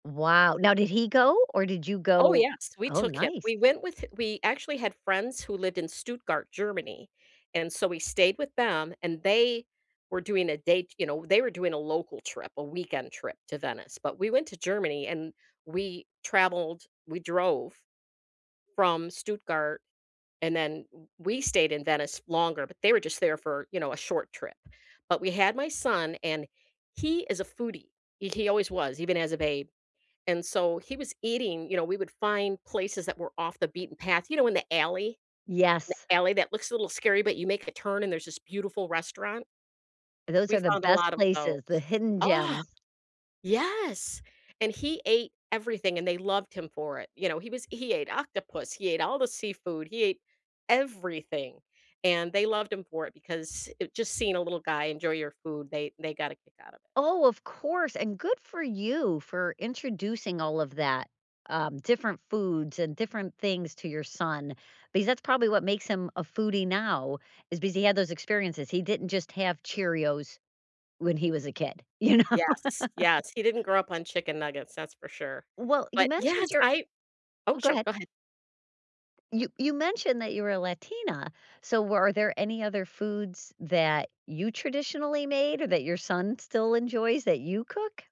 Wow, now did he go or did you Oh go? yes, we Oh, took him; nice. we went with we actually had friends who lived in Stuttgart, Germany, and so we stayed with them and they were doing a date, you know, they were doing a local trip, a weekend trip to Venice, but we went to Germany and we traveled, we drove from Stuttgart, and then w we stayed in Venice longer, but they were just there for, you know, a short trip. But we had my son, and he is a foodie. He he always was, even as a babe. And so he was eating you know, we would find places that were off the beaten path, you know, in the alley? Yes. The alley that looks a little scary, but you make a turn and there's this beautiful restaurant? Those We are the found a best lot of places, the those. hidden Ah! gems. Yes, and he ate everything, and they loved him for it, you know, he was he ate octopus, he ate all the seafood, he ate everything, and they loved him for it because it just seeing a little guy enjoy your food, they they got a kick out of it. Oh, of course, and good for you for introducing all of that, um, different foods and different things to your son because that's probably what makes him a foodie now is because he had those experiences; he didn't just have Cheerios when he was a kid, you know. Yes, yes, he didn't grow up on chicken nuggets, that's for sure. Well, you But mentioned yes, your I Oh Oh, go sure, ahead. go ahead. You you mentioned that you were a Latina, so were are there any other foods that you traditionally made or that your son still enjoys that you cook?